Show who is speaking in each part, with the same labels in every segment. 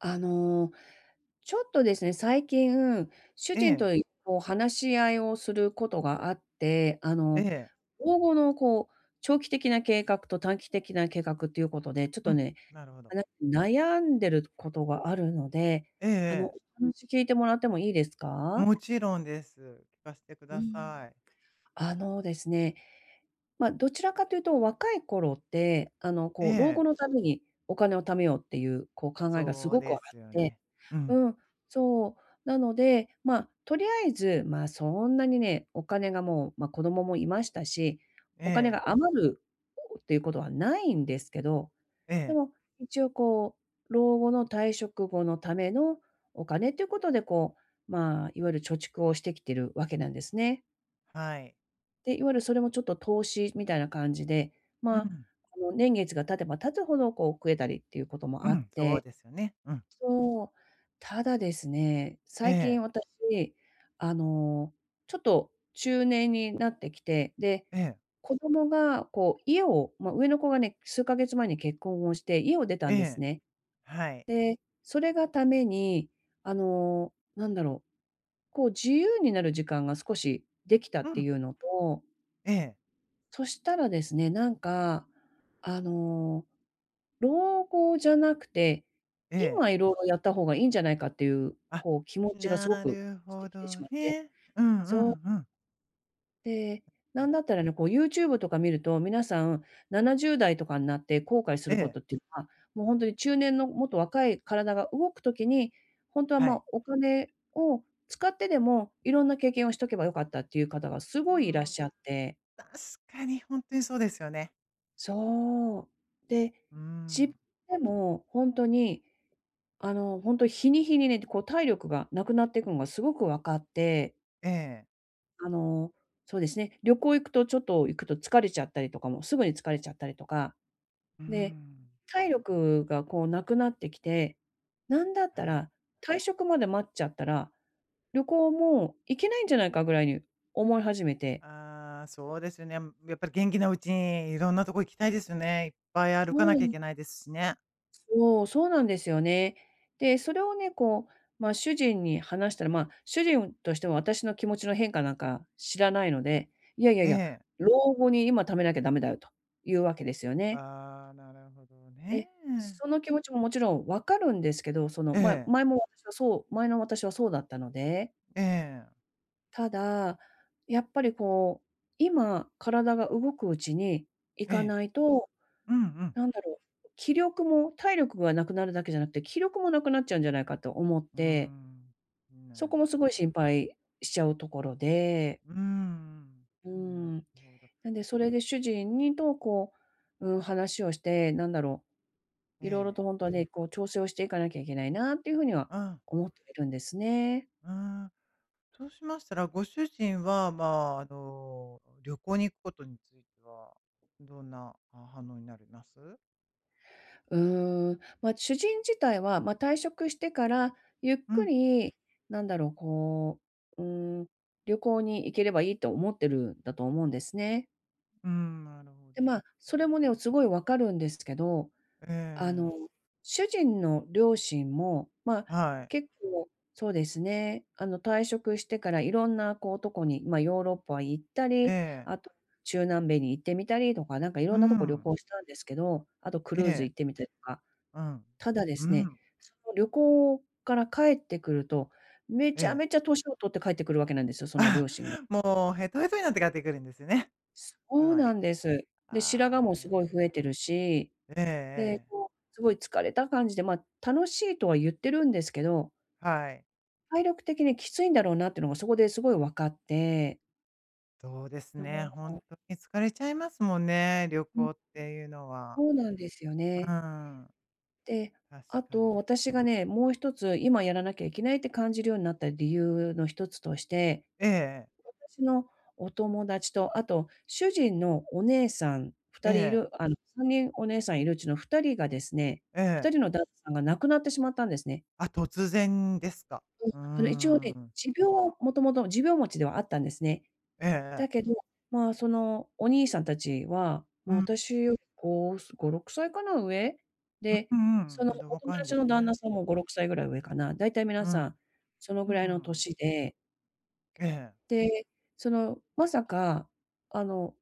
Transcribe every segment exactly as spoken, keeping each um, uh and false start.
Speaker 1: あの、ちょっとですね、最近、主
Speaker 2: え
Speaker 1: 人
Speaker 2: え。
Speaker 1: と、いこう、話し合いをすることがあって、あ
Speaker 2: え
Speaker 1: の、
Speaker 2: え。
Speaker 1: 老後の、こう、長期的な計画と短期的な計画っていうことで、ちょっ
Speaker 2: う
Speaker 1: と
Speaker 2: ん、
Speaker 1: ね、
Speaker 2: なるほど。
Speaker 1: あ、な悩んでることがあるので、
Speaker 2: ええ
Speaker 1: あの、
Speaker 2: ええ。
Speaker 1: お話聞いてもらってもいいですか？
Speaker 2: もちろんです。聞かせてく
Speaker 1: う
Speaker 2: だ
Speaker 1: ん。
Speaker 2: さい。
Speaker 1: あのですね、ま、どちらかと言うと、若い頃って、あの、
Speaker 2: え
Speaker 1: こう、老
Speaker 2: え。
Speaker 1: 後のために、お金を貯めようっていう、こう、考えがす
Speaker 2: そう
Speaker 1: ごくあ
Speaker 2: で
Speaker 1: っ
Speaker 2: すよ
Speaker 1: て
Speaker 2: ね。うん。
Speaker 1: うん、そう。なので、まあ、とりあえず、まあ、そんなにね、お金がもう、ま、子供もいましたし、
Speaker 2: え
Speaker 1: お金
Speaker 2: え。
Speaker 1: が余るっていうことはないんですけど、
Speaker 2: え
Speaker 1: で
Speaker 2: え。
Speaker 1: も、一応、こう、老後の退職後のためのお金っていうことで、こう、まあ、いわゆる貯蓄をしてきてるわけなんですね。
Speaker 2: はい。
Speaker 1: で、いわゆるそれもちょっと投資みたいな感じで、
Speaker 2: う
Speaker 1: ま、
Speaker 2: ん。
Speaker 1: あの、年月が経てば経つほど、こう、増えたりっていうことも
Speaker 2: う
Speaker 1: あっ
Speaker 2: ん、そう
Speaker 1: て
Speaker 2: ですね、うん。
Speaker 1: そう、ただですね、
Speaker 2: え
Speaker 1: 最近
Speaker 2: え。
Speaker 1: 私、あの、ちょっと中年になってきて、で、
Speaker 2: ええ。
Speaker 1: 子供が、こう、家をま、上の子がね、数か月前に結婚をして家を出た
Speaker 2: え
Speaker 1: んです
Speaker 2: え、
Speaker 1: ね。
Speaker 2: はい。
Speaker 1: で、それがために、あの、なんだろう、こう、自由になる時間が少しできた
Speaker 2: う
Speaker 1: って
Speaker 2: ん。
Speaker 1: いうのと
Speaker 2: ええ。
Speaker 1: そしたらですね、なんか、あの、老後じゃなくて、
Speaker 2: ええ。
Speaker 1: 今色々やった方が良いんじゃないかっていう、
Speaker 2: あっ、
Speaker 1: こう、気持ちがすご
Speaker 2: な
Speaker 1: く
Speaker 2: る
Speaker 1: して
Speaker 2: ほ
Speaker 1: きてし
Speaker 2: ど
Speaker 1: まって。
Speaker 2: ね。うんう
Speaker 1: そう。
Speaker 2: んうん。
Speaker 1: で、
Speaker 2: は
Speaker 1: な
Speaker 2: い。
Speaker 1: んだったらね、こう、YouTube とか見ると、皆さん、ななじゅうだいとかんなって後悔す
Speaker 2: え
Speaker 1: るこ
Speaker 2: え。
Speaker 1: とっていうのは、もうほんとに、中年の、もっと若い、体が動く時に、ほんとは
Speaker 2: は
Speaker 1: ま
Speaker 2: い。
Speaker 1: あ、お金を使ってでも、色んな経験をしとけば良かったっていう方が
Speaker 2: うー
Speaker 1: 凄いいらっ
Speaker 2: ん。
Speaker 1: しゃって。
Speaker 2: 確かに、ほんとにそうですよね。
Speaker 1: そう。で、
Speaker 2: うー
Speaker 1: じ
Speaker 2: ん。
Speaker 1: でも、ほんとに、あの、ほんと、日に日にね、って、こう体力が無くなってくんがすごく分かって
Speaker 2: ええ。
Speaker 1: あの、そうですね、旅行行くと、ちょっと行くと疲れちゃったりとか、も、すぐに疲れちゃったりとか。
Speaker 2: うー
Speaker 1: で、
Speaker 2: ん。
Speaker 1: 体力が、こう、無くなってきて、なんだった
Speaker 2: はい。
Speaker 1: ら、退職まで待っちゃったら、旅行も行けないんじゃないかぐらいに思い始めて。
Speaker 2: ああ、そうですね、うん、やっぱり元気なうちにいろんなとこ行きたいですね。いっぱい歩か
Speaker 1: そう
Speaker 2: な
Speaker 1: な
Speaker 2: きゃい
Speaker 1: ん
Speaker 2: けないですしね。
Speaker 1: おお、そうなんですよね。で、それをね、こう、ま、主人に話したら、ま、主人としても私の気持ちの変化なんか知らないので、いやいや
Speaker 2: え
Speaker 1: いや、
Speaker 2: え。
Speaker 1: 老後に今貯めなきゃ駄目だよと、いうわけですよね。
Speaker 2: ああ、なるほど
Speaker 1: え、
Speaker 2: ね。
Speaker 1: その気持ちも、もちろん分かるんですけど、その、
Speaker 2: え
Speaker 1: ま、
Speaker 2: え。
Speaker 1: 前も私はそう前のわたしはそうだったので。
Speaker 2: ええ。
Speaker 1: ただ、やっぱりこう、今、体が動くうちに行
Speaker 2: え
Speaker 1: か
Speaker 2: え。
Speaker 1: ないと、
Speaker 2: うんうん。
Speaker 1: なんだろう、気力も、体力が無くなるだけじゃなくて、気力も無くなっちゃうんじゃないかと思っ
Speaker 2: う
Speaker 1: て。
Speaker 2: ん、
Speaker 1: そ
Speaker 2: な
Speaker 1: こ
Speaker 2: る
Speaker 1: も凄
Speaker 2: ほ
Speaker 1: い
Speaker 2: ど。
Speaker 1: 心配しちゃうところで。
Speaker 2: うん、
Speaker 1: う
Speaker 2: うん。な
Speaker 1: ん。
Speaker 2: ほど。
Speaker 1: なんでそれで主人にと、こう、うーん、話をして、なんだろ
Speaker 2: え
Speaker 1: う。いろいろ
Speaker 2: え。
Speaker 1: とほんとはね、こう調整をしていかなきゃいけないなっていう風には
Speaker 2: あん。
Speaker 1: 思ってるんですね。
Speaker 2: うん。そうしましたら、ご主人はまあ、あの、旅行に行くことについては、どんな、あ、反応になりなす？
Speaker 1: うーん、ま、主人自体は、ま、退職してから、ゆっ
Speaker 2: う
Speaker 1: く
Speaker 2: ん。
Speaker 1: り、なんだろう、こう、うーん、旅行に行ければいいと思ってるんだと思うんですね。
Speaker 2: うん、なるほ
Speaker 1: で、
Speaker 2: どで
Speaker 1: ま、
Speaker 2: す
Speaker 1: そ
Speaker 2: ね。
Speaker 1: れもね、おすごい分かるんですけど、
Speaker 2: え
Speaker 1: あの、
Speaker 2: え。
Speaker 1: 主人の両親も、ま、
Speaker 2: はい。
Speaker 1: 結構、そうですね、あの、退職してから、色んなこう、とこに、ま、ヨーロッパ行った
Speaker 2: え
Speaker 1: り、
Speaker 2: え。
Speaker 1: あと、中南米に行ってみたりとか、なんか
Speaker 2: う
Speaker 1: 色んなとこ旅
Speaker 2: ん。
Speaker 1: 行したんですけど、あとクル
Speaker 2: え
Speaker 1: ーズ
Speaker 2: え。
Speaker 1: 行ってみたりとか。
Speaker 2: うん。
Speaker 1: ただで
Speaker 2: う
Speaker 1: すね、
Speaker 2: ん。
Speaker 1: その旅行から帰ってくると、め
Speaker 2: え
Speaker 1: ちゃ
Speaker 2: え。
Speaker 1: めちゃ歳をとって帰ってくるわけなんですよ、その両
Speaker 2: あ、
Speaker 1: 親が。
Speaker 2: もうへとへとになって帰ってくるんですね。
Speaker 1: そ
Speaker 2: つ
Speaker 1: う
Speaker 2: ま
Speaker 1: な
Speaker 2: り。
Speaker 1: んです。で、白
Speaker 2: ああ、
Speaker 1: 髪も
Speaker 2: なる
Speaker 1: 凄い
Speaker 2: ほ
Speaker 1: 増
Speaker 2: ど。
Speaker 1: えてるし、
Speaker 2: ええ
Speaker 1: で、
Speaker 2: ええ。
Speaker 1: こう凄い疲れた感じで、ま、楽しいとは言ってるんですけど
Speaker 2: はい。
Speaker 1: 体力的にきついんだろうなっていうのが、そこで凄い分かって。
Speaker 2: そうです
Speaker 1: よ
Speaker 2: ね、
Speaker 1: も
Speaker 2: ほん
Speaker 1: お。
Speaker 2: とに疲れちゃいますもんね、旅
Speaker 1: う
Speaker 2: 行
Speaker 1: ん。
Speaker 2: っていうのは。
Speaker 1: そうなんですよ
Speaker 2: う
Speaker 1: ね。
Speaker 2: ん。
Speaker 1: で、
Speaker 2: 確
Speaker 1: あ
Speaker 2: かに。
Speaker 1: と、私がね、もうひとつ今やらなきゃいけないって感じるようになった理由のひとつとして、
Speaker 2: ええええ。
Speaker 1: 私のお友達と、あと、主人のお姉さん、ふ
Speaker 2: え
Speaker 1: たりい
Speaker 2: え。
Speaker 1: る、あの、さんにんお姉さんいるうちのふたりがですね、
Speaker 2: え
Speaker 1: ふた
Speaker 2: え。
Speaker 1: りの旦那さんが亡くなってしまったんですね。
Speaker 2: あ、突然ですか？
Speaker 1: うん、
Speaker 2: う
Speaker 1: あの、一応ね、
Speaker 2: ん。
Speaker 1: 持病は元々持病持ちではあったんですね。
Speaker 2: ええええ。
Speaker 1: だけど、ま、その、お兄さん達は、
Speaker 2: う
Speaker 1: ま、
Speaker 2: んう。
Speaker 1: 私よりごすごろくさいかな上。
Speaker 2: う
Speaker 1: で、
Speaker 2: う
Speaker 1: そ
Speaker 2: ん、
Speaker 1: の
Speaker 2: まだお
Speaker 1: お友
Speaker 2: 若いんで
Speaker 1: 達
Speaker 2: す
Speaker 1: の旦那
Speaker 2: ね。
Speaker 1: さんもごろくさいぐらい上かな、大体皆
Speaker 2: う
Speaker 1: さ
Speaker 2: ん。
Speaker 1: ん、その
Speaker 2: う
Speaker 1: ぐら
Speaker 2: う
Speaker 1: いの
Speaker 2: ん。
Speaker 1: 歳で。
Speaker 2: ええ。
Speaker 1: で、その、まさか、あの、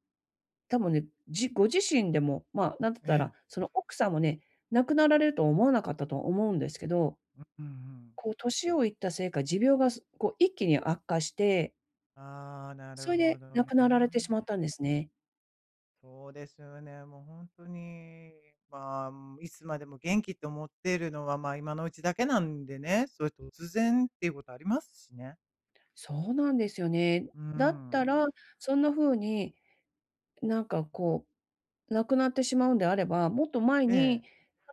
Speaker 1: 多分ね、じご自身でも、ま、何て言っ
Speaker 2: え
Speaker 1: たら、
Speaker 2: え。
Speaker 1: その、奥さんもね、亡くなられるとは思わなかったと思うんですけど
Speaker 2: ううんうん。
Speaker 1: こう歳をいったせいか、持病がすこう一気に悪化して。
Speaker 2: ああ、なる
Speaker 1: そい
Speaker 2: ほ
Speaker 1: で、
Speaker 2: ど
Speaker 1: 亡くなられてし
Speaker 2: ね。
Speaker 1: まったんですね。
Speaker 2: そうですよね、もう、ほんとに、まあ、ん、いつまでも元気って思ってるのは、まあ、今のうちだけなんでね、そう、突然っていうことありますしね。
Speaker 1: そうなんですよね。
Speaker 2: うん
Speaker 1: だっ
Speaker 2: う
Speaker 1: た
Speaker 2: ん。
Speaker 1: ら、そんな風に、なんか、こう、亡くなってしまうんであれば、もっと前
Speaker 2: ええ。
Speaker 1: に、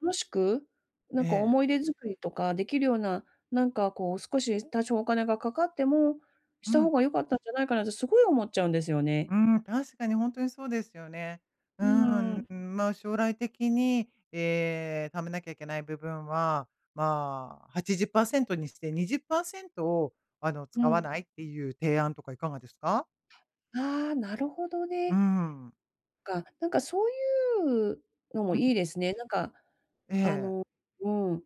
Speaker 1: 楽しく、なん
Speaker 2: え
Speaker 1: か、
Speaker 2: え。
Speaker 1: 思い出作りとか出来るような、なんか、こう、少し多少お金がかかってもし
Speaker 2: う
Speaker 1: た方
Speaker 2: ん。
Speaker 1: が良かったんじゃないかなって、凄い思っちゃうんですよね。
Speaker 2: うん。確かに、ほんとにそうですよね。う
Speaker 1: うー
Speaker 2: ー
Speaker 1: ん。
Speaker 2: ん。まあ、将来的に、ええ、貯めなきゃいけない部分は、まあ、はちじゅっパーセントにして、にじゅっパーセントを、あの、
Speaker 1: う
Speaker 2: 使わ
Speaker 1: ん。
Speaker 2: ないっていう提案とかいかがですか？
Speaker 1: ああ、なるほど
Speaker 2: う
Speaker 1: ね。
Speaker 2: んうん。
Speaker 1: か、なんか、そういうの
Speaker 2: う
Speaker 1: も
Speaker 2: ん。
Speaker 1: いいですね、なんか、
Speaker 2: え
Speaker 1: あ
Speaker 2: え。
Speaker 1: のうーん。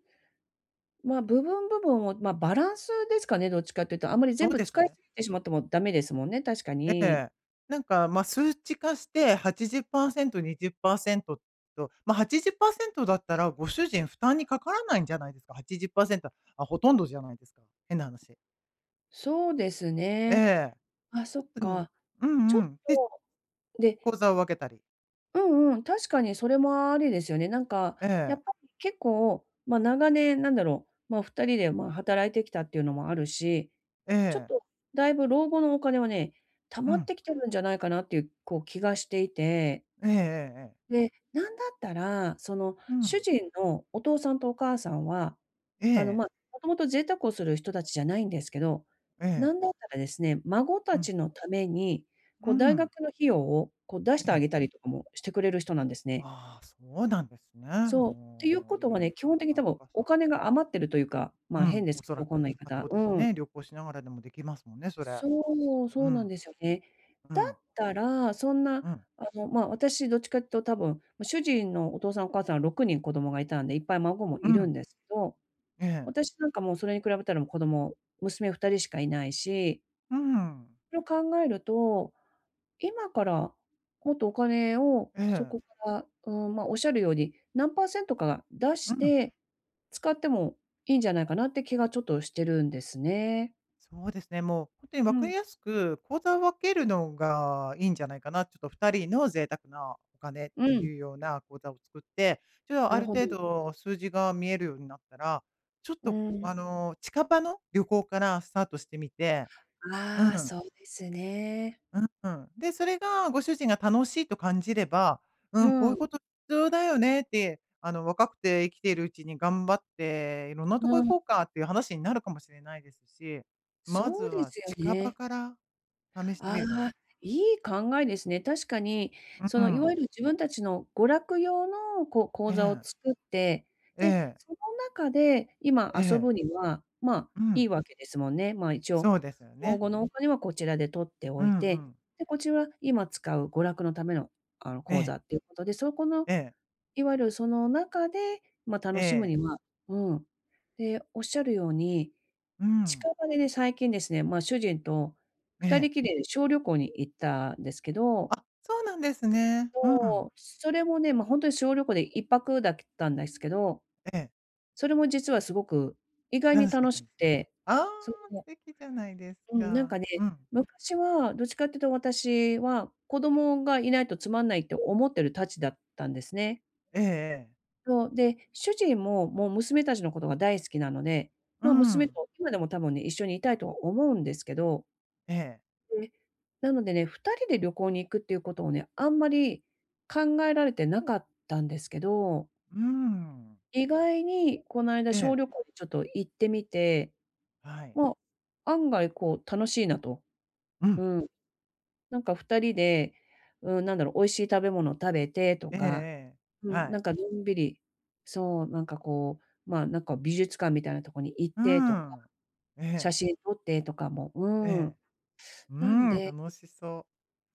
Speaker 1: まあ、部分、部分を、ま、バランスですかね、どっちかって言うと。あんまり
Speaker 2: そ
Speaker 1: 全
Speaker 2: う
Speaker 1: 部
Speaker 2: です
Speaker 1: 使い
Speaker 2: ね。
Speaker 1: すぎてしまっても駄目ですもんね、確か
Speaker 2: え
Speaker 1: に。
Speaker 2: え。なんか、ま、数値化して、はちじゅっパーセント、にじゅっパーセント、と、ま、はちじゅっパーセントだったら、ご主人、負担にかからないんじゃないですか。はちじゅっパーセント、あ、ほとんどじゃないですか、変な話。
Speaker 1: そうです
Speaker 2: え
Speaker 1: ね。
Speaker 2: え。
Speaker 1: あ、
Speaker 2: ち
Speaker 1: そ
Speaker 2: ょっ
Speaker 1: っ
Speaker 2: と、うん。
Speaker 1: か。
Speaker 2: う
Speaker 1: ちょっ
Speaker 2: んうん。で
Speaker 1: と、で
Speaker 2: 口座を分けたり。
Speaker 1: うんうん、確かにそれもありですよね。なんか、
Speaker 2: え
Speaker 1: やっ
Speaker 2: え。
Speaker 1: ぱり結構、ま、長年、なんだろう、ま、ふたりで、まあ、働いてきたっていうのもあるし、
Speaker 2: え
Speaker 1: ちょっ
Speaker 2: え。
Speaker 1: と大分老後のお金はね、貯
Speaker 2: う
Speaker 1: まっ
Speaker 2: ん。
Speaker 1: てきてるんじゃないかなっていう、こう、気がしていて
Speaker 2: ええええええ。
Speaker 1: で、なんだったら、その、
Speaker 2: う
Speaker 1: 主
Speaker 2: ん。
Speaker 1: 人のお父さんとお母さんは、
Speaker 2: え
Speaker 1: あの、
Speaker 2: え。
Speaker 1: ま、もともと贅沢をする人達じゃないんですけど、
Speaker 2: え
Speaker 1: な
Speaker 2: え。
Speaker 1: んだったらですね、孫
Speaker 2: う
Speaker 1: た
Speaker 2: ん。
Speaker 1: ちのために、
Speaker 2: う
Speaker 1: こう、
Speaker 2: んう
Speaker 1: 大
Speaker 2: ん。
Speaker 1: 学の費用を、こう、出して
Speaker 2: え
Speaker 1: あ
Speaker 2: え。
Speaker 1: げたりとかもしてくれる人なんですね。
Speaker 2: ああ、そうなんですね。
Speaker 1: そう、っていう
Speaker 2: も
Speaker 1: こ
Speaker 2: う、
Speaker 1: と
Speaker 2: い
Speaker 1: は
Speaker 2: いお
Speaker 1: ね、基本
Speaker 2: 父
Speaker 1: 的
Speaker 2: さ
Speaker 1: に
Speaker 2: ん、
Speaker 1: 多
Speaker 2: お
Speaker 1: 分
Speaker 2: 母
Speaker 1: お
Speaker 2: さん。
Speaker 1: 金が余ってるというか、
Speaker 2: う
Speaker 1: ま、
Speaker 2: ん、
Speaker 1: 変で
Speaker 2: お
Speaker 1: すけ
Speaker 2: そら
Speaker 1: ど、こ
Speaker 2: く。
Speaker 1: んな言い
Speaker 2: ま、
Speaker 1: 方、
Speaker 2: そうで
Speaker 1: う
Speaker 2: す
Speaker 1: ん。
Speaker 2: ね、旅行しながらでもできますもんね、そりゃ。
Speaker 1: そう、
Speaker 2: う
Speaker 1: そうなん
Speaker 2: ん。
Speaker 1: ですよね。
Speaker 2: う
Speaker 1: だっ
Speaker 2: ん。
Speaker 1: たら、そんな、
Speaker 2: うん。
Speaker 1: あの、ま、私どっちかって言うと多分ま、主人のお父さん、お母さん、ろくにん子供がいたんで、いっぱい孫も
Speaker 2: う
Speaker 1: いる
Speaker 2: ん。
Speaker 1: んですけど、
Speaker 2: ええ。
Speaker 1: 私なんかもうそれに比べたらもう子供娘ふたりしかいないし
Speaker 2: うんうん。
Speaker 1: それを考えると、今から、もっとお金を、
Speaker 2: え
Speaker 1: そ
Speaker 2: え。
Speaker 1: こから、うーん、ま、おっしゃるように、何パーセントか出
Speaker 2: う
Speaker 1: し
Speaker 2: ん。
Speaker 1: て使ってもいいんじゃないかなって気がちょっとしてるんですね。
Speaker 2: そうですね、もうほんとにわ
Speaker 1: う
Speaker 2: かり
Speaker 1: ん。
Speaker 2: やすく、口座を分けるのがいいんじゃないかな。ちょっとふたりの贅沢なお金っ
Speaker 1: う
Speaker 2: て
Speaker 1: ん。
Speaker 2: いうような口座を作って、じゃあ、
Speaker 1: な
Speaker 2: あ
Speaker 1: る
Speaker 2: る
Speaker 1: ほ
Speaker 2: 程
Speaker 1: ど。
Speaker 2: 度数字が見えるようになったら、ちょっ
Speaker 1: う
Speaker 2: と
Speaker 1: ん。
Speaker 2: あの、近場の旅行からスタートしてみて。う
Speaker 1: ああ、
Speaker 2: ん。
Speaker 1: そうですね。
Speaker 2: ううん、で、それがご主人が楽しいと感じれば、う
Speaker 1: う
Speaker 2: ん、こういう
Speaker 1: ん。
Speaker 2: こと必要だよねって、あの、若くて生きているうちに頑張って色んなとこ
Speaker 1: う
Speaker 2: 行
Speaker 1: ん。
Speaker 2: こうかっていう話になるかもしれないですし、まず
Speaker 1: そうで
Speaker 2: は
Speaker 1: すよ
Speaker 2: 近場
Speaker 1: ね。
Speaker 2: から試してみ
Speaker 1: あ
Speaker 2: るのは。
Speaker 1: あ、いい考えですね。確かに、
Speaker 2: う
Speaker 1: そ
Speaker 2: う
Speaker 1: の、いわ
Speaker 2: ん。
Speaker 1: ゆる自分たちの娯楽用のこう口
Speaker 2: え
Speaker 1: 座を
Speaker 2: え。
Speaker 1: 作って、
Speaker 2: え
Speaker 1: で、
Speaker 2: え。
Speaker 1: その中で今
Speaker 2: え
Speaker 1: 遊
Speaker 2: え。
Speaker 1: ぶには、まあ、
Speaker 2: う
Speaker 1: 良
Speaker 2: ん。
Speaker 1: いわけですもんね。まあ、一応、
Speaker 2: そうですよ
Speaker 1: 老
Speaker 2: ね。
Speaker 1: 後のお金はこちらで取って
Speaker 2: う
Speaker 1: おい
Speaker 2: んう
Speaker 1: て、
Speaker 2: ん。
Speaker 1: で、こっちは今使う娯楽のための、あの、
Speaker 2: え
Speaker 1: 口
Speaker 2: え。
Speaker 1: 座っていうことで、そこの、
Speaker 2: ええ。
Speaker 1: いわゆるその中で、まあ、
Speaker 2: え
Speaker 1: 楽しむ
Speaker 2: え。
Speaker 1: には、うん。で、おっしゃるように、
Speaker 2: うん。
Speaker 1: 近場でね、最近ですね、まあ、主人と
Speaker 2: え
Speaker 1: ふた
Speaker 2: え。
Speaker 1: りきりで小旅行に行ったですけど。
Speaker 2: あ、そうなんですね。うん。
Speaker 1: そう、それもね、ま、ほんとに小旅行でいっぱくだけったんですけど。
Speaker 2: ええ。
Speaker 1: それも実は凄く、意外に
Speaker 2: 楽しかっ
Speaker 1: 楽
Speaker 2: た
Speaker 1: し
Speaker 2: ん
Speaker 1: く
Speaker 2: ですね。
Speaker 1: て。
Speaker 2: ああ、
Speaker 1: それ
Speaker 2: 素
Speaker 1: も。
Speaker 2: 敵じゃないです
Speaker 1: うん、なん
Speaker 2: か。
Speaker 1: かね、
Speaker 2: うん。
Speaker 1: 昔はどっちかって言うと私は、子供がいないとつまんないって思ってるたちだったんですね。
Speaker 2: ええええ。
Speaker 1: そう、で、主人も、もう、娘達のことが大好きなので、
Speaker 2: う
Speaker 1: ま、娘
Speaker 2: ん。
Speaker 1: と今でも多分ね、一緒にいたいと思うんですけど
Speaker 2: ええ。
Speaker 1: で、なのでね、ふたりで旅行に行くっていうことを、ね、あんまり考えられてなかったんですけど
Speaker 2: うーん。
Speaker 1: 意外に、こないだ
Speaker 2: え
Speaker 1: 小
Speaker 2: え。
Speaker 1: 旅行でちょっと行ってみて。
Speaker 2: はい。
Speaker 1: ま、案外、こう、楽しいなと。
Speaker 2: う
Speaker 1: う
Speaker 2: ん。
Speaker 1: ーん。なんか、ふたりで、うーん、なんだろう、美味しい食べ物食べてと
Speaker 2: ええ
Speaker 1: か
Speaker 2: ええ、
Speaker 1: うん、
Speaker 2: は
Speaker 1: な
Speaker 2: い。
Speaker 1: んか、のんびり、そう、なんか、こう、ま、なんか、美術館みたいなとこに行っ
Speaker 2: う
Speaker 1: てとか。
Speaker 2: ん。え
Speaker 1: 写
Speaker 2: え。
Speaker 1: 真撮ってとかもう
Speaker 2: ええ。
Speaker 1: ん。
Speaker 2: う
Speaker 1: なん
Speaker 2: ん、
Speaker 1: で
Speaker 2: 楽しそう。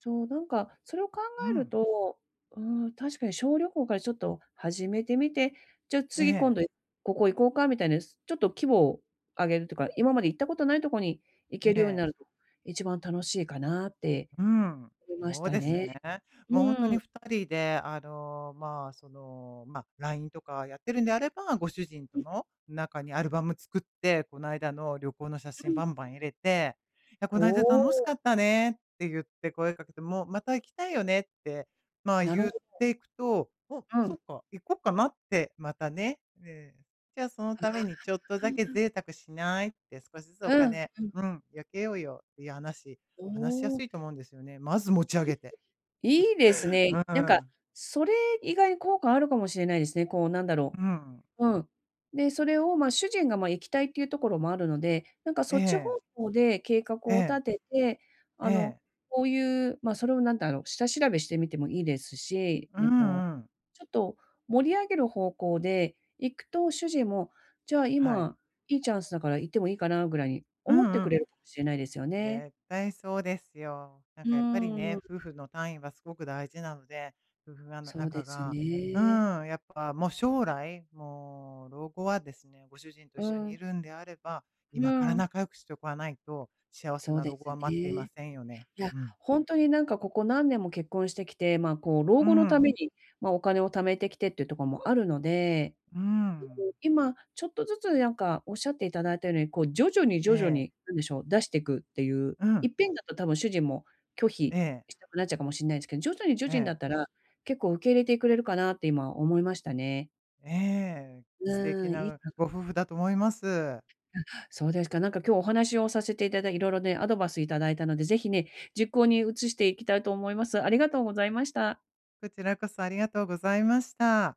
Speaker 1: そう、なんか、それを考
Speaker 2: う
Speaker 1: える
Speaker 2: ん。
Speaker 1: と、うーん、確かに小旅行からちょっと始めてみて、じゃあ、
Speaker 2: え
Speaker 1: 次今
Speaker 2: え。
Speaker 1: 度、ここ行こうかみたいな、ちょっと規模を上げるとか、今まで行ったことないとこに行
Speaker 2: え
Speaker 1: けるように
Speaker 2: え。
Speaker 1: なると、一番楽しいかなって
Speaker 2: うん。
Speaker 1: 思いまし
Speaker 2: そう
Speaker 1: た
Speaker 2: です
Speaker 1: ね。
Speaker 2: ね。
Speaker 1: う
Speaker 2: もう、ほんと
Speaker 1: ー
Speaker 2: に
Speaker 1: ん。
Speaker 2: ふたりで、あの、ま、その、ま、LINE とかやってるんであれば、ご主人
Speaker 1: う
Speaker 2: と
Speaker 1: ん。
Speaker 2: の中にアルバム作って、こないだの旅行の写
Speaker 1: う
Speaker 2: 真
Speaker 1: ん。
Speaker 2: バンバン入れて、いや、「こ
Speaker 1: お
Speaker 2: ないだ楽しか
Speaker 1: お。
Speaker 2: ったね」ってゆって声かけても、「また行きたいよね」って、ま、
Speaker 1: なるほ
Speaker 2: ゆっ
Speaker 1: ど。
Speaker 2: ていくと、あ、
Speaker 1: う
Speaker 2: そ
Speaker 1: ん。
Speaker 2: っか、「行こっかな」って、また、ね、ええ。じゃあ、「その
Speaker 1: あ
Speaker 2: ためにちょっと
Speaker 1: あ、あ
Speaker 2: だけ
Speaker 1: あ。
Speaker 2: 贅沢しない？」って「少しずつお
Speaker 1: うん、
Speaker 2: 金
Speaker 1: うん。
Speaker 2: うん、よけようよ」っていう話、
Speaker 1: お
Speaker 2: 話しやす
Speaker 1: お。
Speaker 2: いと思うんですよね。まず持ち上げ
Speaker 1: [unintelligible]
Speaker 2: て。
Speaker 1: いいです ね、
Speaker 2: う
Speaker 1: なんか、
Speaker 2: ん。
Speaker 1: それ意外に効果あるかもしれないですね、こう、なんだろ
Speaker 2: うん。
Speaker 1: う、うん。で、それを、ま、主人が、ま、行きたいっていうところもあるので、なんか、そ
Speaker 2: え
Speaker 1: っち方
Speaker 2: え。
Speaker 1: 向で計画を
Speaker 2: え
Speaker 1: 立
Speaker 2: え。
Speaker 1: てて、
Speaker 2: え
Speaker 1: あの、
Speaker 2: え。
Speaker 1: こういう、ま、それを、何だろう、下調べしてみてもいいですし、
Speaker 2: う
Speaker 1: ね、こう、
Speaker 2: んうん。
Speaker 1: ちょっと盛り上げる方向で行くと、主人も、じゃあ、
Speaker 2: はい。
Speaker 1: 今、良いチャンスだから行ってもいいかなぐらいに
Speaker 2: う
Speaker 1: 思って
Speaker 2: んう
Speaker 1: くれ
Speaker 2: ん。
Speaker 1: るかもしれないですよね。
Speaker 2: 絶対そうですよ。なん
Speaker 1: う
Speaker 2: か、やっぱり
Speaker 1: ー
Speaker 2: ね、
Speaker 1: ん。
Speaker 2: 夫婦の単位はすごく大事なので、夫婦がんの
Speaker 1: そうで
Speaker 2: 仲
Speaker 1: す
Speaker 2: がう
Speaker 1: ね。
Speaker 2: ん、やっぱ、もう将来もう老後はですね、ご主人と
Speaker 1: う
Speaker 2: 一緒
Speaker 1: ー
Speaker 2: にい
Speaker 1: ん。
Speaker 2: るんであれば、
Speaker 1: うー
Speaker 2: 今から
Speaker 1: ん。
Speaker 2: 仲良くしておかないと、幸せ
Speaker 1: そう
Speaker 2: な
Speaker 1: で
Speaker 2: 老後
Speaker 1: す
Speaker 2: は待っていま
Speaker 1: ね。
Speaker 2: せんよね。
Speaker 1: いや、
Speaker 2: うん。
Speaker 1: ほんとに、なんか、ここ何年も結婚してきて、ま、こう、
Speaker 2: う
Speaker 1: 老
Speaker 2: ー
Speaker 1: 後のため
Speaker 2: ん。
Speaker 1: に、ま、お金を貯めてきてっていうところもあるので、
Speaker 2: うー
Speaker 1: で
Speaker 2: ん。
Speaker 1: も今、ちょっとずつ、なんか、仰って頂いたように、こう、徐々に、
Speaker 2: え
Speaker 1: 徐々
Speaker 2: え。
Speaker 1: に、何でしょう、出していくっていう、
Speaker 2: う
Speaker 1: い
Speaker 2: ん。
Speaker 1: っぺんだと多分主人も拒否
Speaker 2: ええ。
Speaker 1: したくなっちゃうかもしんないですけど、徐々に、徐
Speaker 2: え
Speaker 1: 々にだ
Speaker 2: え。
Speaker 1: ったら、結構受け入れてくれるかなって今思いましたね。
Speaker 2: ええ、素
Speaker 1: う
Speaker 2: 敵
Speaker 1: ーん、いい
Speaker 2: な
Speaker 1: か
Speaker 2: ご
Speaker 1: [unintelligible]
Speaker 2: 夫婦だと思います。
Speaker 1: うん、あ、そうですか、なんか、今日お話をさせていただい色々、ね、アドバイスいただいたので、是非、ね、実行に移していきたいと思います。ありがとうございました。
Speaker 2: こちらこそありがとうございました。